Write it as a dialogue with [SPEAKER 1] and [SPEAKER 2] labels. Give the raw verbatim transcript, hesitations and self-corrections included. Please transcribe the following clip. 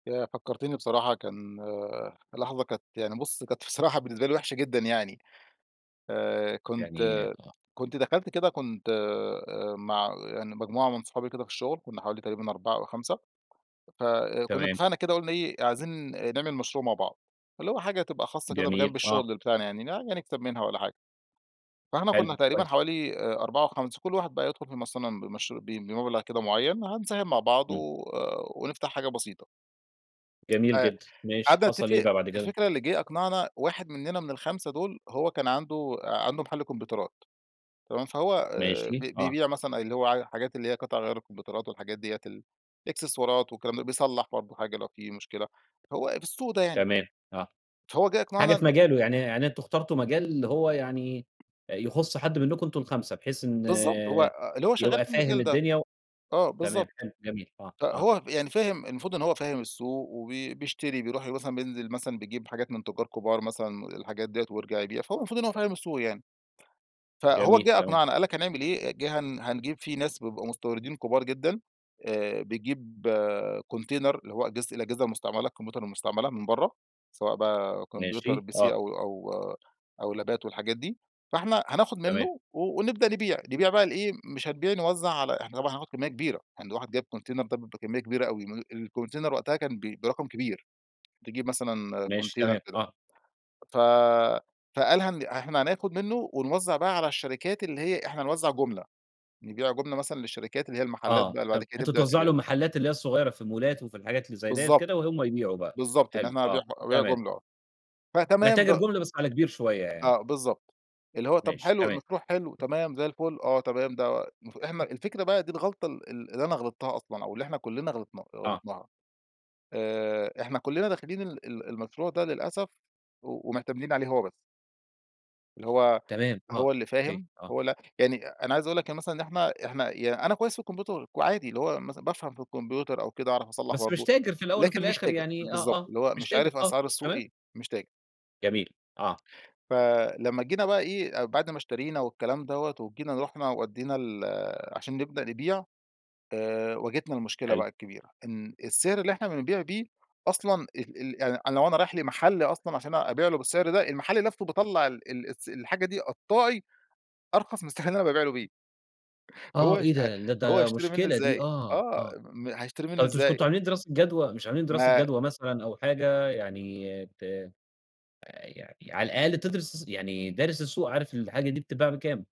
[SPEAKER 1] ياه! فكّرتني بصراحة كان لحظة كانت يعني بُص كانت بصراحة بالنسبة لي وحشة جدًا يعني. آآ كنت
[SPEAKER 2] يعني آه.
[SPEAKER 1] كنت دخلت كده كنت آآ مع يعني مجموعة من صحابي كده في الشغل، كنا حوالي تقريبًا أربعة أو خمسة، فكنا
[SPEAKER 2] تمام.
[SPEAKER 1] اتفقنا كده قُلنا إيه عايزين نعمل مشروع مع بعض، فاللي هو حاجة تبقى خاصة كده
[SPEAKER 2] جميل
[SPEAKER 1] بجانب
[SPEAKER 2] آه.
[SPEAKER 1] الشغل بتاعنا يعني ن نكسب منها والّا حاجة. فإحنا كنا
[SPEAKER 2] حلو،
[SPEAKER 1] تقريبًا
[SPEAKER 2] كويس.
[SPEAKER 1] حوالي آآ أربعة أو خمسة، كُل واحد بقى يدخل فيهم أصل أنا بمش بم بمبلغ كده مُعيّن هنساهم مع بعض
[SPEAKER 2] إمم.
[SPEAKER 1] و ونفتح حاجة بسيطة.
[SPEAKER 2] جميل
[SPEAKER 1] آآ
[SPEAKER 2] جدًا، ماشي،
[SPEAKER 1] قعدنا
[SPEAKER 2] حصل إيه
[SPEAKER 1] تتفق
[SPEAKER 2] بقى بعد كده؟
[SPEAKER 1] الفكرة اللي جه أقنعنا واحد مننا من الخمسة دول، هو كان عنده عنده محل كمبيوترات، تمام؟ فهو آآ ب
[SPEAKER 2] ماشي، آه.
[SPEAKER 1] بيبيع مثلًا اللي هو ع الحاجات اللي هي قِطَع غيار الكومبيوترات والحاجات دِيَّة الاكسسوارات والكلام ده بيصلّح برضه حاجة لو في مشكلة، هو في السوق ده يعني.
[SPEAKER 2] تمام، آه.
[SPEAKER 1] فهو جه
[SPEAKER 2] حاجة
[SPEAKER 1] أقنعنا
[SPEAKER 2] في
[SPEAKER 1] إن
[SPEAKER 2] مجاله يعني يعني أنتم اختارتوا مجال هو يعني يخُص حد منكم أنتم الخمسة بحيث إن
[SPEAKER 1] بالضبط، هو اللي هو شغال
[SPEAKER 2] يبقى
[SPEAKER 1] في
[SPEAKER 2] فاهم
[SPEAKER 1] المجال ده.
[SPEAKER 2] الدنيا و
[SPEAKER 1] آه،
[SPEAKER 2] تمام،
[SPEAKER 1] بالضبط.
[SPEAKER 2] حلو، جميل، آه، آه.
[SPEAKER 1] فهو يعني فاهم المفروض إن هو فاهم السوق وبي بيشتري بيروح مثلًا بينزل مثلًا بيجيب حاجات من تُجار كبار مثلًا الحاجات دِيَّة ويرجع يبيع، فهو المفروض إن هو فاهم السوق يعني. فهو
[SPEAKER 2] جميل،
[SPEAKER 1] جِه
[SPEAKER 2] تمام.
[SPEAKER 1] أقنعنا قال لك هنعمل إيه، جِه هن هنجيب في ناس بيبقوا مستوردين كبار جدًا آآ بيجيب كونتينر اللي هو أجهزة الأجهزة المستعملة الكمبيوتر المستعملة من برّه، سواء بقى كمبيوتر
[SPEAKER 2] ماشي،
[SPEAKER 1] PC
[SPEAKER 2] آه.
[SPEAKER 1] أو أو أو لابات والحاجات دي، فإحنا هناخد
[SPEAKER 2] تمام.
[SPEAKER 1] منه ونبدأ نبيع، نبيع بقى لإيه، مش هنبيع نوزع على إحنا طبعًا هناخد كمية كبيرة، يعني ده واحد جايب كونتينر ده بكمية كبيرة أوي، ام الكونتينر وقتها كان ب برقم كبير، تجيب مثلًا
[SPEAKER 2] ماشي،
[SPEAKER 1] كونتينر
[SPEAKER 2] تمام،
[SPEAKER 1] كده.
[SPEAKER 2] آه.
[SPEAKER 1] ف فقال هن إحنا هناخد منه ونوزع بقى على الشركات اللي هي إحنا هنوزع جُملة، نبيع جُملة مثلًا للشركات اللي هي المحلات
[SPEAKER 2] آه
[SPEAKER 1] بقى اللي بعد
[SPEAKER 2] ت
[SPEAKER 1] كده
[SPEAKER 2] أنتم
[SPEAKER 1] تبدأ
[SPEAKER 2] توزّعوا
[SPEAKER 1] تبيعه.
[SPEAKER 2] للمحلات اللي هي الصغيرة في المولات وفي الحاجات اللي زي دِيَّة
[SPEAKER 1] بالضبط،
[SPEAKER 2] كده وهُم يبيعوا بقى.
[SPEAKER 1] بالضبط، إن
[SPEAKER 2] حلو،
[SPEAKER 1] إحنا هنبيع
[SPEAKER 2] آه،
[SPEAKER 1] ح أبيع
[SPEAKER 2] تمام.
[SPEAKER 1] جملة، آه.
[SPEAKER 2] أنا
[SPEAKER 1] فتمام د
[SPEAKER 2] تاجر جُملة بس على كبير شوية يعني.
[SPEAKER 1] آه، بالضبط، اللي هو طب
[SPEAKER 2] ماشي،
[SPEAKER 1] حلو
[SPEAKER 2] تمام.
[SPEAKER 1] المشروع حلو، تمام زي الفُل، آه تمام، ده المف إحنا الفكرة بقى دي الغلطة ال ال اللي أنا غلطتها أصلًا أو اللي إحنا كلّنا غلطنا
[SPEAKER 2] آه.
[SPEAKER 1] غلطناها. آآ إحنا كلّنا داخلين ال ال المشروع ده للأسف و ومعتمدين عليه هو بس. اللي هو
[SPEAKER 2] تمام، آه،
[SPEAKER 1] هو اللي
[SPEAKER 2] أوكي،
[SPEAKER 1] فاهم،
[SPEAKER 2] آه.
[SPEAKER 1] هو ل يعني أنا عايز أقول لك يعني مثلًا إن إحنا إحنا يعن أنا كويس في الكمبيوتر وعادي اللي هو مثلًا بافهم في الكمبيوتر أو كده أعرف أصلح
[SPEAKER 2] بس مش
[SPEAKER 1] برضه،
[SPEAKER 2] تاجر في الأول وفي
[SPEAKER 1] لكن مش
[SPEAKER 2] الآخر
[SPEAKER 1] تاجر،
[SPEAKER 2] يعني آه،
[SPEAKER 1] بالضبط،
[SPEAKER 2] آه،
[SPEAKER 1] اللي هو
[SPEAKER 2] مش
[SPEAKER 1] مش
[SPEAKER 2] تاجر
[SPEAKER 1] عارف
[SPEAKER 2] آه،
[SPEAKER 1] أسعار السوق
[SPEAKER 2] تمام.
[SPEAKER 1] إيه. مش تاج
[SPEAKER 2] جميل، آه.
[SPEAKER 1] فلمّا جينا بقى إيه بعد ما اشترينا والكلام دَوَّة وجينا رُحنا ودّينا ال عشان نبدأ نبيع، آآ واجهتنا المشكلة
[SPEAKER 2] حلو.
[SPEAKER 1] بقى الكبيرة، إن السعر اللي إحنا بنبيع بيه أصلًا ال ال يعني أنا لو أنا رايح لمحل أصلًا عشان أبيع له بالسعر ده، المحل لفته باطلّع ال ال الس الحاجة دي قطّاعي أرخص من السعر اللي أنا بابيع له بيه. فهو
[SPEAKER 2] آه، إيه
[SPEAKER 1] هيش
[SPEAKER 2] ده؟ لا
[SPEAKER 1] هو
[SPEAKER 2] ده
[SPEAKER 1] هيشتري منه
[SPEAKER 2] مشكلة دي
[SPEAKER 1] إزاي؟
[SPEAKER 2] آه،
[SPEAKER 1] آه
[SPEAKER 2] آه.
[SPEAKER 1] م هيشتري منه
[SPEAKER 2] طب مش
[SPEAKER 1] إزاي؟
[SPEAKER 2] كنتم عاملين دراسة جدوى، مش عاملين دراسة
[SPEAKER 1] ما
[SPEAKER 2] جدوى مثلًا أو حاجة يعني ت يعني على الأقل تدرس يعني دارس السوق عارف الحاجة دي بتتباع بكام؟